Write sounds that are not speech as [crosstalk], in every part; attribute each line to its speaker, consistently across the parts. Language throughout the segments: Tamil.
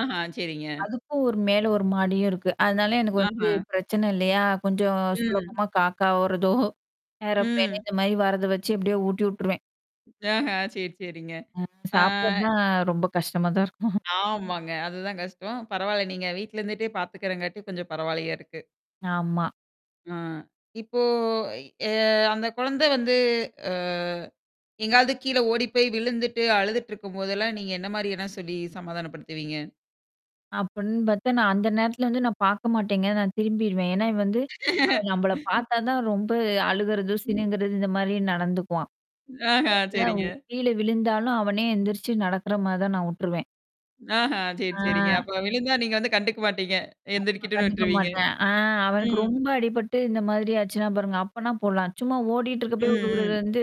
Speaker 1: ஆஹா சரிங்க.
Speaker 2: அதுக்கும் ஒரு மேல 1 மாடியும் இருக்கு அதனால எனக்கு வந்து
Speaker 1: ஆஹம்.
Speaker 2: பிரச்சனை இல்லையா, கொஞ்சம்
Speaker 1: ம்.
Speaker 2: சுலபமா காக்கா வர்றதோ ஏரோபிளேன்
Speaker 1: ம்.
Speaker 2: இந்த மாதிரி வர்றத வெச்சு எப்படியோ ஊட்டி விட்டுருவேன்.
Speaker 1: ஆஹா! சரி, சரிங்க. ஆ.
Speaker 2: சாப்பிடறது தான் ரொம்ப கஷ்டமா தான் இருக்கும்.
Speaker 1: ஆமாங்க. அது தான் கஷ்டம். பரவால்ல, நீங்க வீட்ல இருந்துட்டே பாத்துக்கறதுனால கொஞ்சம் பரவாயில்லையா இருக்கு.
Speaker 2: ஆமா.
Speaker 1: ஆ. இப்போ எ அ அந்த குழந்தை வந்து அ எங்காவது கீழ ஓடிப் போய் விழுந்துட்டு அழுதுட்டு இருக்கும் போது எல்லாம் நீங்க என்ன மாதிரி எல்லாம் சொல்லி சமாதானப்படுத்துவீங்க?
Speaker 2: அப்படின்னு பாத்தா நான் அந்த நேரத்துல வந்து நான் பாக்க மாட்டேங்க நான் திரும்பிருவேன். ஏன்னா, இவன் வந்து அவன் நம்மள
Speaker 1: [laughs]
Speaker 2: பாத்தாதான் ரொம்ப அழுகுறது சிணுங்குறது இந்த மாதிரி நடந்துக்குவான்.
Speaker 1: ஆஹ
Speaker 2: அதனால,
Speaker 1: சரிங்க.
Speaker 2: கீழ விழுந்தாலும் அவனே எந்திரிச்சு நடக்குற மாதிரி தான் நான் உட்டுருவேன்.
Speaker 1: ஆஹா சரி,
Speaker 2: ஆ.
Speaker 1: சரிங்க. அப்ப விழுந்தா நீங்க வந்து கண்டுக்க மாட்டீங்க.
Speaker 2: ஆமா.
Speaker 1: எந்திரிக்கிட்டுன்னு விட்டுருவீங்க.
Speaker 2: கண்டுக்கமாட்டேன், அ அவனுக்கு
Speaker 1: ம்.
Speaker 2: ரொம்ப அடிபட்டு இந்த மாதிரி ஆச்சுனா பாருங்க அப்ப நான் போலாம் சும்மா
Speaker 1: ம்.
Speaker 2: ஓடிட்ருக்கப்ப விழுகுறது
Speaker 1: ம்.
Speaker 2: வந்து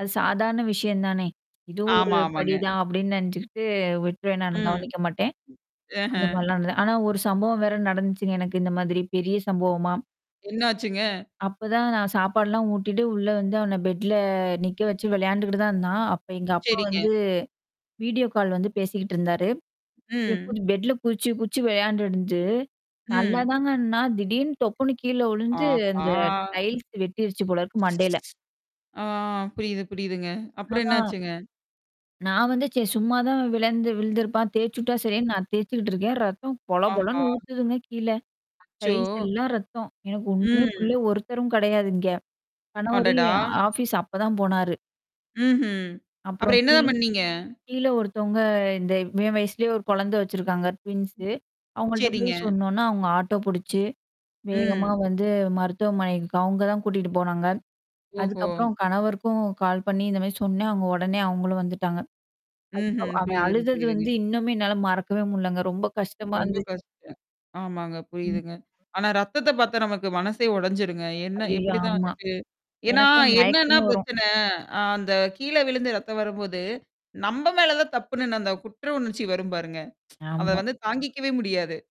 Speaker 2: அது சாதாரண விஷயம் தானே, இதுவும் ஒரு
Speaker 1: ஆமா,
Speaker 2: படி
Speaker 1: ஆமாங்க.
Speaker 2: தான் அப்படின்னு நெனச்சுகிட்டு விட்ருவேன் நானு
Speaker 1: ம்.
Speaker 2: கவனிக்க மாட்டேன். அந்த
Speaker 1: அஹ்.
Speaker 2: மாதிரிலாம் ஆனா ஒரு சம்பவம் வேற நடந்துச்சுங்க எனக்கு இந்த மாதிரி பெரிய சம்பவமா
Speaker 1: என்னாச்சுங்க?
Speaker 2: அப்பதான் நான் சாப்பாடுலாம் ஊட்டிட்டு உள்ள வந்து அவன பெட்ல நிக்க வெச்சு விளையாண்டுகிட்டு தான் இருந்தான், அப்ப எங்க அப்பா
Speaker 1: சரிங்க.
Speaker 2: வந்து வீடியோ கால் வந்து பேசிக்கிட்டு இருந்தாரு. இவன்
Speaker 1: ம்.
Speaker 2: இப்டி பெட்ல குதிச்சு குதிச்சு விளையாண்ட்டுருந்துட்டு
Speaker 1: ம்.
Speaker 2: நல்லாதாங்க இருந்தான், திடீர்னு தொப்புனு கீழ விழுந்து
Speaker 1: ஆஹா!
Speaker 2: அந்த டைல்ஸ் வெட்டிருச்சு போல இருக்கு மண்டையில.
Speaker 1: ஆ புரியுது, புரியுதுங்க. அப்புறம்
Speaker 2: ஆ.
Speaker 1: என்னாச்சுங்க?
Speaker 2: நான் வந்து சரி சும்மாதான் விழுந் விழுந்துருப்பான், தேச்சு விட்டா சரின்னு நான் தேச்சுக்கிட்டு இருக்கேன், ரத்தம்
Speaker 1: ஆஹா!
Speaker 2: பொலபொலன்னு ஊத்துதுங்க கீழ.
Speaker 1: அச்சோ!
Speaker 2: டைல்ஸ் எல்லாம் ரத்தம், எனக்கு ஒண்ணுமே
Speaker 1: ம்.
Speaker 2: புரியல, ஒருத்தரும் கிடையாது இங்க. கணவரும்,
Speaker 1: அடடா!
Speaker 2: ஆபீஸ் அப்பதான் போனாரு.
Speaker 1: ம்ஹ்ம்.
Speaker 2: அப்புறம்
Speaker 1: அப்புறம் என்ன
Speaker 2: கீ
Speaker 1: தான் பண்ணீங்க?
Speaker 2: கீழ ஒருத்தவங்க இவன் வயசுலயே ஒரு குழந்தை வெச்சிருக்காங்க, ட்வின்ஸ் அவங்கள்ட்ட போய்
Speaker 1: சரிங்க.
Speaker 2: சொன்ன உடனே அவங்க ஆட்டோ புடிச்சு வேகமா
Speaker 1: ம்.
Speaker 2: வந்து மருத்துவமனைக்கு அவங்க தான் கூட்டிட்டு போனாங்க.
Speaker 1: ஓஹோ!
Speaker 2: அதுக்கப்புறம் கணவருக்கும் கால் பண்ணி இந்த மாதிரி சொன்னேன், அவங்க உடனே அவங்களும் வந்துட்டாங்க.
Speaker 1: ம்ஹ்ம்.
Speaker 2: அதுக்கப்புறம் அவன்
Speaker 1: புரியுதுங்க,
Speaker 2: அழுதது
Speaker 1: புரியுதுங்க.
Speaker 2: வந்து இன்னுமே என்னால மறக்கவே முடியலங்க, ரொம்ப கஷ்டமா
Speaker 1: ரொம்ப
Speaker 2: இருந்துச்சு.
Speaker 1: கஷ்டம். ஆமாங்க
Speaker 2: ம்.
Speaker 1: புரியுதுங்க. ஆனா ரத்தத்த பாத்தா நமக்கு மனசே ஒடஞ்சிடும்ங்க. என்ன
Speaker 2: ஐயய்யோ!
Speaker 1: எப்படிதான்
Speaker 2: ஆமா.
Speaker 1: வந்துட்டு ஏன்னா,
Speaker 2: எனக்கெல்லாம்
Speaker 1: என்னன்னா
Speaker 2: மயக்கமே வரும்.
Speaker 1: பிரச்சனை, அந்த கீழ விழுந்து ரத்தம் வரும் போது நம்ப மேல தான் தப்புன்னு அந்த குற்றவுணர்ச்சி வரும் பாருங்க, [tsk] அத
Speaker 2: ஆமா.
Speaker 1: வந்து தாங்கிக்கவே முடியாது.